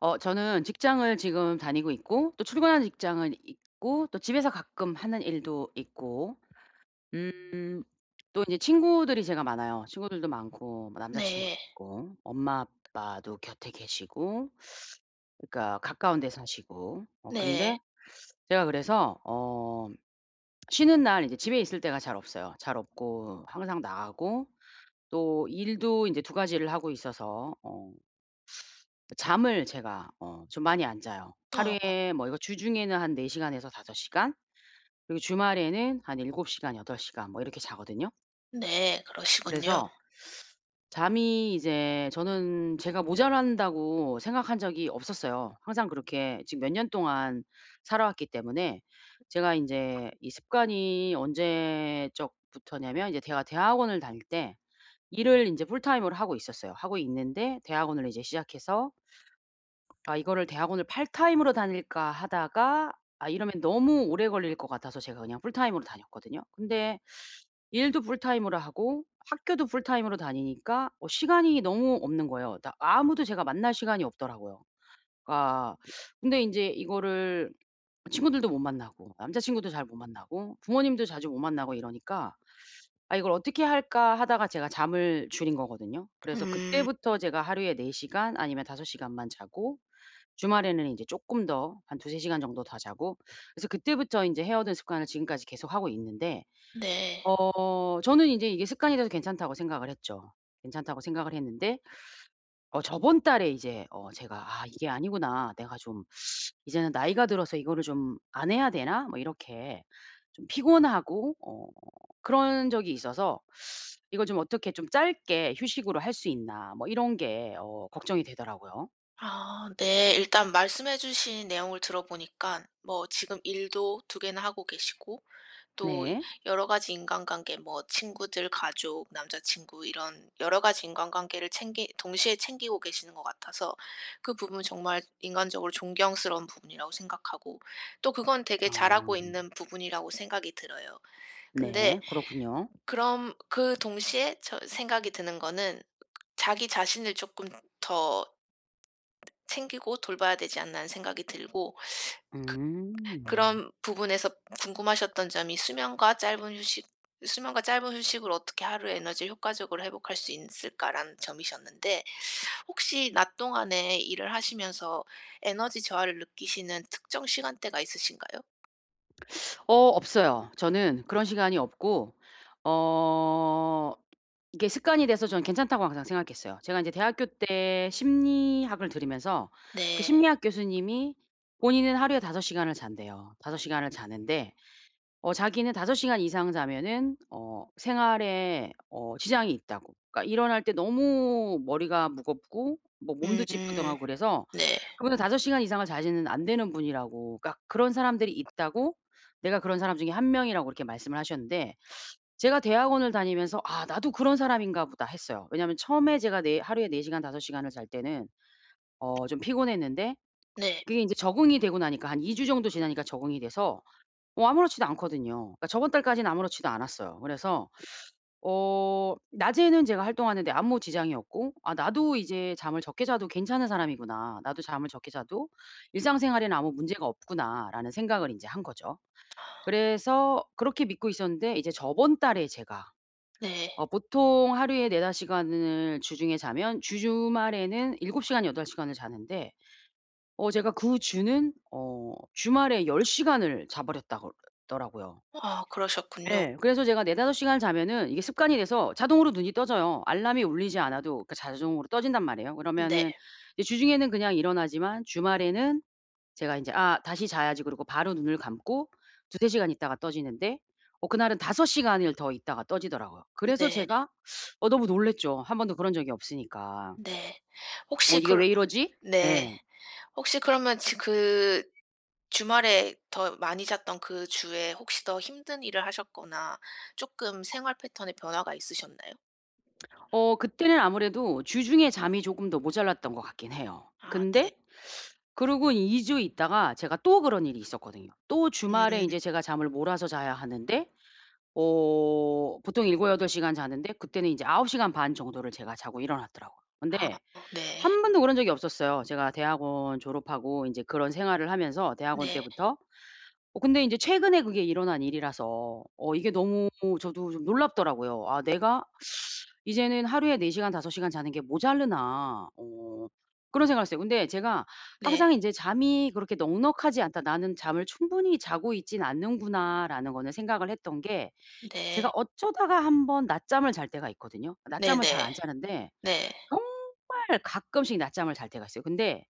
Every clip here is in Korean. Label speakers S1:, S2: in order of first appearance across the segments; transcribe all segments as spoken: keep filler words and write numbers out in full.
S1: 어 저는 직장을 지금 다니고 있고 또 출근하는 직장은 있고 또 집에서 가끔 하는 일도 있고 음 또 인제 친구들이 제가 많아요. 친구들도 많고 뭐 남자 친구도
S2: 네.
S1: 있고 엄마 아빠도 곁에 계시고 그러니까 가까운 데 사시고 어
S2: 네.
S1: 근데 제가 그래서 어 쉬는 날 인제 집에 있을 때가 잘 없어요. 잘 없고 항상 나가고 또 일도 인제 두 가지를 하고 있어서 어 그 잠을 제가 어 좀 많이 안 자요.
S2: 어. 어.
S1: 하루에 뭐 이거 주중에는 한 네 시간에서 다섯 시간 그리고 주말에는 한 일곱 시간, 여덟 시간 뭐 이렇게 자거든요.
S2: 네 그러시군요.
S1: 그래서 잠이 이제 저는 제가 모자란다고 생각한 적이 없었어요. 항상 그렇게 지금 몇 년 동안 살아 왔기 때문에 제가 인제 이 습관이 언제적부터냐면 이제 제가 대학원을 다닐 때 일을 인제 풀타임으로 하고 있었어요. 하고 있는데 대학원을 이제 시작해서 ...아 이거를 대학원을 파트타임으로 다닐까 하다가 아 이러면 너무 오래 걸릴 것 같아서 제가 그냥 풀타임으로 다녔거든요. 근데 일도 풀타임으로 하고 학교도 풀타임으로 다니니까 어 시간이 너무 없는 거예요. 다 아무도 제가 만날 시간이 없더라고요. 그러니까 근데 인제 이거를 친구들도 못 만나고 남자 친구도 잘 못 만나고 부모님도 자주 못 만나고 이러니까 '아 이걸 어떻게 할까.' 하다가 제가 잠을 줄인 거거든요. 그래서
S2: 음.
S1: 그때부터
S2: 음
S1: 제가 하루에 네 시간 아니면 다섯 시간만 자고 주말에는 인제 쪼끔 더 한 두세 시간 정도 더 자고 그래서 그때부터 인제 해 오던 습관을 지금까지 계속 하고 있는데
S2: 네.
S1: 어 저는 인제 이게 습관이 돼서 괜찮다고 생각을 했죠. 괜찮다고 생각을 했는데 어 저번 달에 이제 어 제가 '아 이게 아니구나. 내가 좀 이제는 나이가 들어서 이거를 좀 안 해야 되나?' 뭐 이렇게 좀 피곤하고 어 그런 적이 있어서 이걸 좀 어떻게 '좀 짧게 휴식으로 할 수 있나?' 뭐 이런 게 어 걱정이 되더라고요.
S2: 아 네. 일단 말씀해 주신 내용을 들어보니깐 뭐 지금 일도 두 개나 하고 계시고 또
S1: 네.
S2: 여러 가지 인간관계 뭐 친구들, 가족, 남자 친구 이런 여러 가지 인간관계를 챙기 동시에 챙기고 계시는 것 같아서 그 부분은 정말 인간적으로 존경스러운 부분이라고 생각하고. 또 그건 되게
S1: 아.
S2: 잘하고 있는 부분이라고 생각이 들어요. 근데
S1: 네, 그렇군요.
S2: 그럼 그 동시에 저 생각이 드는 거는 '자기 자신을 쪼끔 더 챙기고 돌봐야 되지 않나?' 하는 생각이 들고 그
S1: 음.
S2: 그런 부분에서 궁금하셨던 점이 수면과 짧은 휴식 '수면과 짧은 휴식으로 어떻게 하루에 에너지를 효과적으로 회복할 수 인쓸까라는 점이셨는데 혹시 낮 동안에 일을 하시면서 에너지 저하를 느끼시는 특정 시간대가 있으신가요?
S1: 어 없어요. 저는 그런 시간이 없고 어 이게 습관이 돼서 저는 괜찮다고 항상 생각했어요. 제가 인제 대학교 때 심리학을 들으면서 그
S2: 네.
S1: 심리학 교수님이 본인은 하루에 다섯 시간을 잔대요. 다섯 시간을 자는데 어 자기는 다섯 시간 이상 자면은 어 생활에 어 지장이 있다고. 그러니까 일어날 때 너무 머리가 무겁고 뭐 몸도
S2: 음
S1: 찌뿌둥하고 그래서
S2: 네.
S1: 그분은 다섯 시간 이상을 자시는 안 되는 분이라고. 그러니까 그런 사람들이 있다고. 내가 그런 사람 중에 한 명이라고 이렇게 말씀을 하셨는데 제가 대학원을 다니면서 '아 나도 그런 사람인가 보다.' 했어요. 왜냐면 처음에 제가 네 하루에 네 시간 다섯 시간을 잘 때는
S2: 음.
S1: 어 좀 피곤했는데
S2: 네.
S1: 그게 인제 적응이 되고 나니까 한 이 주 정도 지나니까 적응이 돼서 뭐 아무렇지도 않거든요. 그러니까 저번 달까지는 아무렇지도 않았어요. 그래서 어 낮에는 제가 활동하는 데 아무 지장이 없고 '아 나도 이제 잠을 적게 자도 괜찮은 사람이구나. 나도 잠을 적게 자도 일상생활에는 아무 문제가 없구나.'라는 생각을 인제 한 거죠. 그래서 그렇게 믿고 있었는데 이제 저번 달에 제가
S2: 네.
S1: 어 보통 하루에 네다섯 시간을 주중에 자면 주 주말에는 일곱 시간 여덟 시간을 자는데 어 제가 그 주는 어 주말에 열 시간을 자 버렸다고 더라고요.
S2: 아 그러셨군요.
S1: 예. 그래서 제가 네 다섯 시간을 자면은 이게 습관이 돼서 자동으로 눈이 떠져요. 알람이 울리지 않아도 그러니까 자종으로 떠진단 말이에요. 그러면은
S2: 네.
S1: 이제 주중에는 그냥 일어나지만 주말에는 제가 인제 '아 다시 자야지.' 그러고 바로 눈을 감고 두세 시간 있다가 떠지는데 어 그날은 다섯 시간을 더 있다가 떠지더라고요. 그래서
S2: 네.
S1: 제가 어 너무 놀랐죠. 한 번도 그런 적이 없으니까.
S2: 네.
S1: '어
S2: 혹시
S1: 이게
S2: 그러
S1: 왜 이러지?'
S2: 네.
S1: 예.
S2: 혹시 그러면 지 그 주말에 더 많이 잤던 그 주에 혹시 더 힘든 일을 하셨거나 쪼끔 생활 패턴에 변화가 있으셨나요?
S1: 어 그때는 아무래도 주중에 잠이 쪼금 더 모자랐던 것 같긴 해요.
S2: 아 네.
S1: 근데 그러고 이 주 있다가 제가 또 그런 일이 있었거든요. 또 주말에
S2: 음.
S1: 인제 제가 잠을 몰아서 자야 하는데 어 보통 일고여덟 시간 자는데 그때는 이제 아홉 시간 반 정도를 제가 자고 일어났더라고요.
S2: 아
S1: 근데
S2: 네.
S1: 한 번도 그런 적이 없었어요. 제가 대학원 졸업하고 인제 그런 생활을 하면서 대학원
S2: 네.
S1: 때부터 어 근데 인제 최근에 그게 일어난 일이라서 어 이게 너무 저도 좀 놀랍더라고요. '아 내가 이제는 하루에 네 시간 다섯 시간 자는 게 모자라나?' 어 그런 생각을 했어요. 근데 제가 항상
S2: 네.
S1: 이제 '잠이 그렇게 넉넉하지 않다. 나는 잠을 충분히 자고 있진 않는구나.'라는 거는 생각을 했던 게 제가
S2: 네.
S1: 어쩌다가 한 번 낮잠을 잘 때가 있거든요. 낮잠을 잘
S2: 네네.
S1: 안 자는데
S2: 네.
S1: 정말 가끔씩 낮잠을 잘 때가 있어요. 근데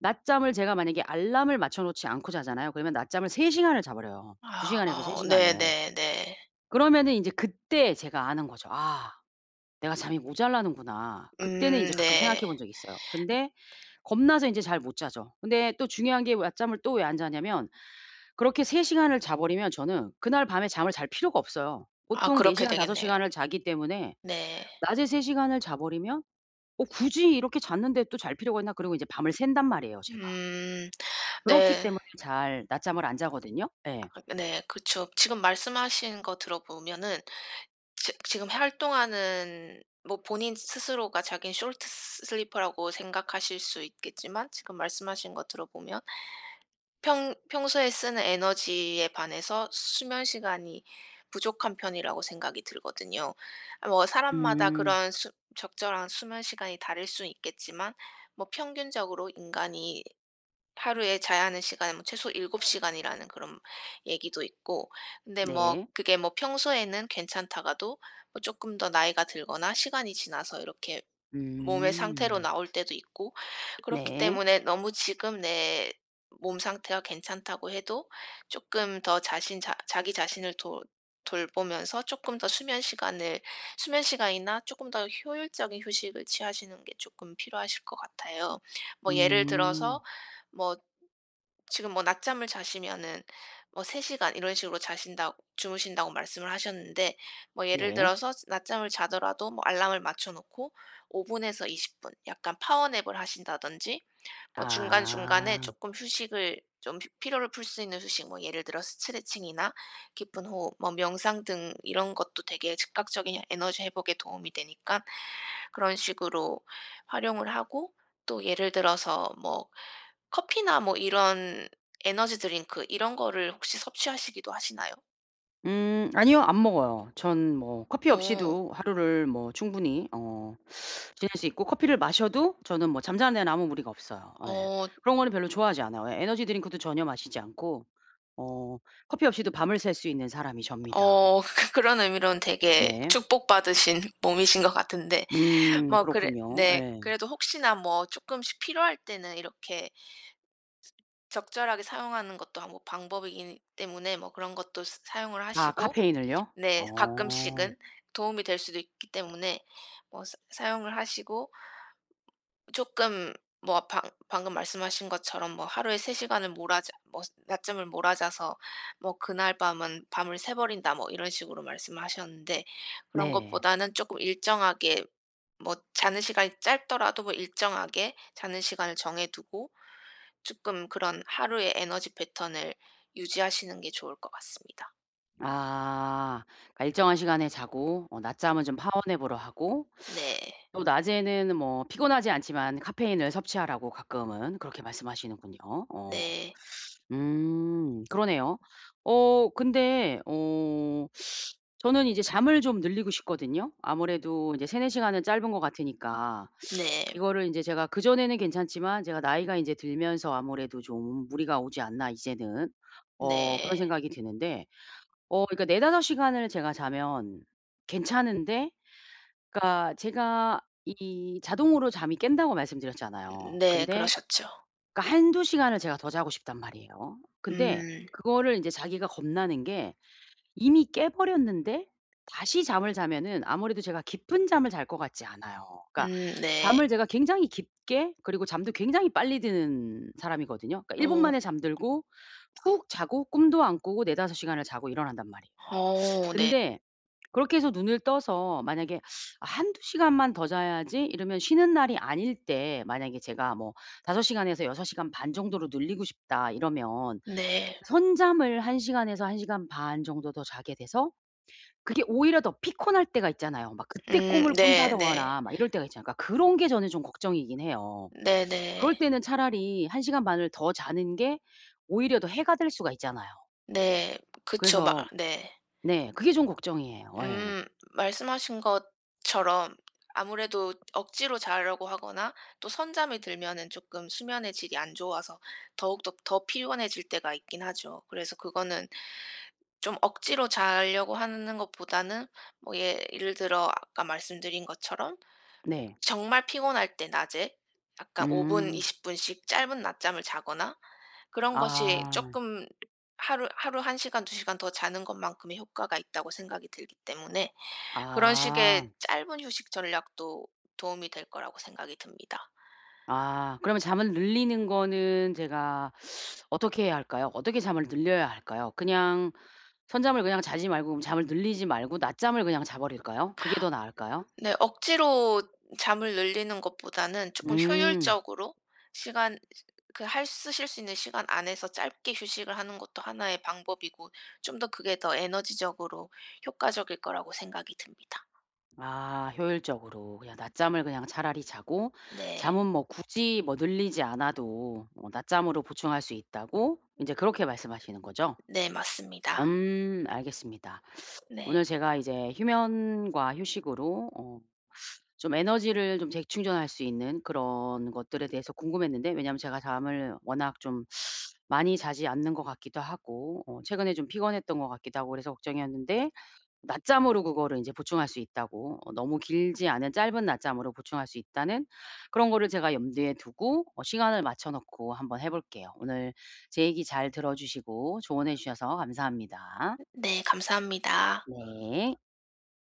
S1: 낮잠을 제가 만약에 알람을 맞춰 놓지 않고 자잖아요. 그러면 낮잠을 세 시간을 자 버려요. 두 시간에서 세
S2: 아
S1: 시간을.
S2: 네네네.
S1: 그러면은 인제 그때 제가 아는 거죠. '아 내가 잠이 모자라는구나.' 그때는
S2: 음
S1: 인제 가끔 생각해
S2: 네.
S1: 본 적이 있어요. 근데 겁나서 인제 잘 못 자죠. 근데 또 중요한 게 낮잠을 또 왜 안 자냐면 그렇게 세 시간을 자버리면 저는 그날 밤에 잠을 잘 필요가 없어요.
S2: 아
S1: 보통 네
S2: 그렇게
S1: 시간, 다섯
S2: 되겠네요.
S1: 시간을 자기 때문에
S2: 네.
S1: 낮에 세 시간을 자버리면 '어 굳이 이렇게 잤는데 또 잘 필요가 있나?' 그러고 이제 밤을 샌단 말이에요, 제가.
S2: 음
S1: 그렇기
S2: 네.
S1: 때문에 잘 낮잠을 안 자거든요? 예.
S2: 아 네 그쵸. 지금 말씀하신 거 들어보면은 지 지금 활동하는 뭐 본인 스스로가 자기는 숄트 스 슬리퍼라고 생각하실 수 있겠지만 지금 말씀하신 거 들어보면 평 평소에 쓰는 에너지에 반해서 수면 시간이 부족한 편이라고 생각이 들거든요. 뭐 사람마다
S1: 음.
S2: 그런 수 적절한 수면 시간이 다를 수 있겠지만 뭐 평균적으로 인간이 하루에 자야 하는 시간은 뭐 최소 일곱 시간이라는 그런 얘기도 있고. 근데 뭐
S1: 네.
S2: 그게 뭐 평소에는 괜찮다가도 쪼끔 더 나이가 들거나 시간이 지나서 이렇게 몸의 상태로
S1: 음.
S2: 나올 때도 있고 그렇기
S1: 네.
S2: 때문에 너무 지금 내 몸 상태가 괜찮다고 해도 쪼끔 더 자신 자 자기 자신을 돌 돌보면서 쪼끔 더 수면 시간을 수면 시간이나 쪼끔 더 효율적인 휴식을 취하시는 게 쪼끔 필요하실 것 같아요. 뭐 예를 들어서
S1: 음.
S2: 뭐 지금 뭐 낮잠을 자시면은 뭐 세 시간 이런 식으로 자신다고 주무신다고 말씀을 하셨는데 뭐 예를
S1: 네.
S2: 들어서 낮잠을 자더라도 뭐 알람을 맞춰놓고 오 분에서 이십 분. 약간 파워 냅을 하신다든지 뭐 중간중간에
S1: 아.
S2: 쪼끔 휴식을 좀 피 피로를 풀 수 있는 휴식 뭐 예를 들어 스트레칭이나 깊은 호흡, 뭐 명상 등 이런 것도 되게 즉각적인 에너지 회복에 도움이 되니까는 그런 식으로 활용을 하고. 또 예를 들어서 뭐 커피나 뭐 이런 에너지 드링크 이런 거를 혹시 섭취하시기도 하시나요?
S1: 음 아니요 안 먹어요. 전 뭐 커피
S2: 어.
S1: 없이도 하루를 뭐 충분히 어 지낼 수 있고 커피를 마셔도 저는 뭐 잠자는 데는 아무 무리가 없어요. 예
S2: 어.
S1: 그런 거는 별로 좋아하지 않아요. 예 에너지 드링크도 전혀 마시지 않고 어 커피 없이도 밤을 샐 수 있는 사람이 접니다.
S2: 어 그런 의미로는 되게
S1: 네.
S2: 축복받으신 몸이신 것 같은데
S1: 음
S2: 뭐 그래
S1: 그렇군요.
S2: 네
S1: 예.
S2: 그래도 혹시나 뭐 쪼끔씩 필요할 때는 이렇게 ...적절하게 사용하는 것도 뭐 방법이기는 때문에 뭐 그런 것도 사 사용을
S1: 아
S2: 하시고
S1: 카페인을요.
S2: 네
S1: 어.
S2: 가끔씩은 도움이 될 수도 있기 때문에 뭐 사 사용을 하시고 ...쪼끔 뭐 방 방금 말씀하신 것처럼 뭐 "하루에 세 시간을 몰아 자 뭐스 낮잠을 몰아자서 뭐 그날 밤은 밤을 새버린다." 뭐 이런 식으로 말씀하셨는데 그런
S1: 네.
S2: 것보다는 쪼끔 일정하게 뭐 자는 시간이 짧더라도 뭐 일정하게 자는 시간을 정해두고 쪼끔 그런 하루의 에너지 패턴을 유지하시는 게 좋을 것 같습니다.
S1: 아. 그니까 일정한 시간에 자고 어 낮잠은 좀 파워냅으로 하고
S2: 네.
S1: 또 낮에는 뭐 피곤하지 않지만 카페인을 섭취하라고 가끔은 그렇게 말씀하시는군요. 어.
S2: 네.
S1: 음 그러네요. 어 근데 어 저는 이제 잠을 좀 늘리고 싶거든요. 아무래도 이제 세네 시간은 짧은 것 같으니까
S2: 네.
S1: 이거를 인제 제가 '그전에는 괜찮지만 제가 나이가 인제 들면서 아무래도 좀 무리가 오지 않나 이제는.' 어 그런
S2: 네.
S1: 생각이 드는데 어 그러니까 네다섯 시간을 제가 자면 괜찮은데 그니까 제가 이 자동으로 잠이 깬다고 말씀드렸잖아요.
S2: 네
S1: 근데
S2: 그러셨죠.
S1: 그러니까 한두 시간을 제가 더 자고 싶단 말이에요. 근데
S2: 음.
S1: 그거를 이제 자기가 겁나는 게 이미 깨버렸는데 다시 잠을 자면은 아무래도 제가 깊은 잠을 잘 것 같지 않아요. 그러니까
S2: 음 네.
S1: 잠을 제가 굉장히 깊게 그리고 잠도 굉장히 빨리 드는 사람이거든요. 그러니까 일 분
S2: 오.
S1: 만에 잠들고 푹 자고 꿈도 안 꾸고 네다섯 시간을 자고 일어난단 말이에요.
S2: 어 네.
S1: 근데 그렇게 해서 눈을 떠서 만약에 '아 한두시간만 더 자야지.' 이러면 쉬는 날이 아닐 때 만약에 제가 뭐 '다섯 시간에서 여섯 시간 반 정도로 늘리고 싶다.' 이러면
S2: 네.
S1: 선잠을 한 시간에서 한 시간 반 정도 더 자게 돼서 그게 오히려 더 피콘할 때가 있잖아요. 막 그때
S2: 음
S1: 꿈을
S2: 네 네.
S1: 꾼다더거나 막 이럴 때가 있잖아요. 그러니까 그런 게 저는 좀 걱정이긴 해요.
S2: 네네.
S1: 그럴 때는 차라리 한 시간 반을 더 자는 게 오히려 더 해가 될 수가 있잖아요.
S2: 네. 그쵸 막
S1: 그래서
S2: 네.
S1: 네 그게 좀 걱정이에요. 예.
S2: 음. 말씀하신 것처럼 아무래도 억지로 자려고 하거나 또 선잠이 들면은 쪼끔 수면의 질이 안 좋아서 더욱더 더 피곤해질 때가 있긴 하죠. 그래서 그거는 쫌 억지로 잘려고 한는 것보다는 뭐 예 예를 들어 아까 말씀드린 것처럼
S1: 네.
S2: 정말 피곤할 때 낮에 약간 오 분
S1: 음.
S2: 이십 분씩 짧은 낮잠을 자거나 그런 것이
S1: 아.
S2: 쪼끔 하루 하루 한 시간 두 시간 더 자는 것만큼의 효과가 있다고 생각이 들기 때문에 그런 식의
S1: 아.
S2: 짧은 휴식 전략도 도움이 될 거라고 생각이 듭니다.
S1: 아 그러면 잠을 늘리는 거는 제가 어떻게 해야 할까요? 어떻게 잠을 늘려야 할까요? 그냥 선잠을 그냥 자지 말고 그러면 잠을 늘리지 말고 낮잠을 그냥 자버릴까요? 그게 더 나을까요?
S2: 네 억지로 잠을 늘리는 것보다는 쪼끔
S1: 음.
S2: 효율적으로 시간 으 그 할 쓰실 수 있는 시간 안에서 짧게 휴식을 하는 것도 하나의 방법이고 쫌 더 그게 더 에너지적으로 효과적일 거라고 생각이 듭니다.
S1: 아 효율적으로 그냥 낮잠을 그냥 차라리 자고
S2: 네.
S1: 잠은 뭐 굳이 뭐 늘리지 않아도 뭐 낮잠으로 보충할 수 있다고 이제 그렇게 말씀하시는 거죠?
S2: 네 맞습니다.
S1: 음 알겠습니다. 오늘
S2: 네.
S1: 제가 이제 휴면과 휴식으로 어 좀 에너지를 좀 재충전할 수 있는 그런 것들에 대해서 궁금했는데 왜냐면 제가 잠을 워낙 좀 많이 자지 않는 것 같기도 하고 어 최근에 좀 피곤했던거 같기도 하고 그래서 걱정이었는데 낮잠으로 그거를 인제 보충할 수 있다고 어 너무 길지 않은 짧은 낮잠으로 보충할 수 있다는 그런 거를 제가 염두에 두고 어 시간을 맞춰놓고 한번 해볼게요. 오늘 제 얘기 잘 들어주시고 조언해 주셔서 감사합니다.
S2: 네 감사합니다.
S1: 네.